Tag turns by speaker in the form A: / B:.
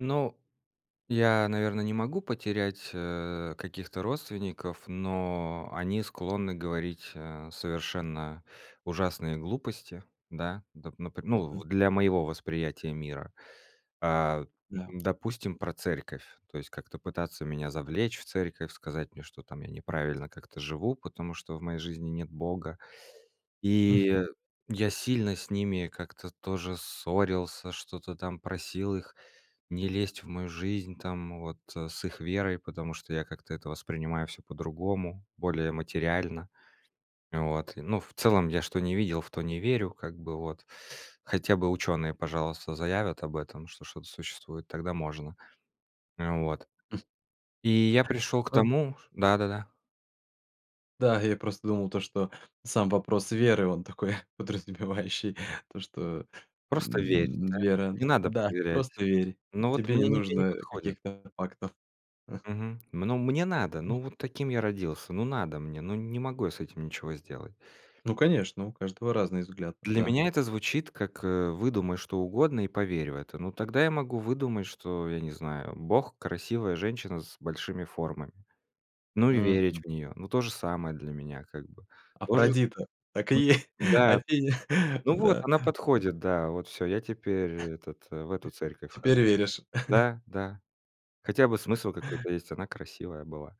A: Ну, я, наверно, не могу потерять, э, каких-то родственников, но они склонны говорить, э, совершенно ужасные глупости, да, доп напр ну, в
B: Мгм.
A: для моего восприятия мира. А, м,
B: Да.
A: допустим, про церковь. То есть как-то пытаться меня завлечь в церковь, сказать мне, что там я неправильно как-то живу, потому что в моей жизни нет Бога. И
B: Мгм.
A: я сильно с ними как-то тоже ссорился, что-то там просил их не лезть в мою жизнь там вот, с их верой, потому что я как-то это воспринимаю всё по-другому, более материально. Вот. Ну, в целом я что не видел, в то не верю как бы, вот. Хотя бы ученые, пожалуйста, заявят об этом, что что-то существует, тогда можно. Э, вот. И я пришёл к
B: Об
A: тому, ш Да-да-да.
B: Да, я просто думал то, что сам вопрос веры, он такой подразумевающий то, что,
A: Просто верь,
B: м, ну,
A: да?
B: вера.
A: Не надо
B: Да,
A: проверять.
B: просто- верь,
A: Ну, вот
B: тебе не
A: мне не мне не
B: нужно
A: подходит.
B: каких-то фактов.
A: Мгм. М, ну, мне надо, ну, вот таким я родился, ну, надо мне, ну, не могу я с этим ничего сделать.
B: Ну, конечно, у каждого разныы взгляды,
A: Для
B: да.
A: меня это звучит как, э: "Выдумай что угодно и поверь в это". Ну, тогда я могу выдумать, что я не знаю, Бог- красивая женщина с большими формами. Ну, и верить
B: Мгм.
A: в неё. Ну, то же самое для меня как бы. Тоже
B: Афродита, так
A: Мгм,
B: и е
A: да.
B: Афиня,
A: Ну, вот,
B: да.
A: она подходит, да, вот всё, я теперь этот, в эту церковь хожу.
B: Теперь веришь.
A: Да, да, хотя бы смысл какой-то есть, она красивая была.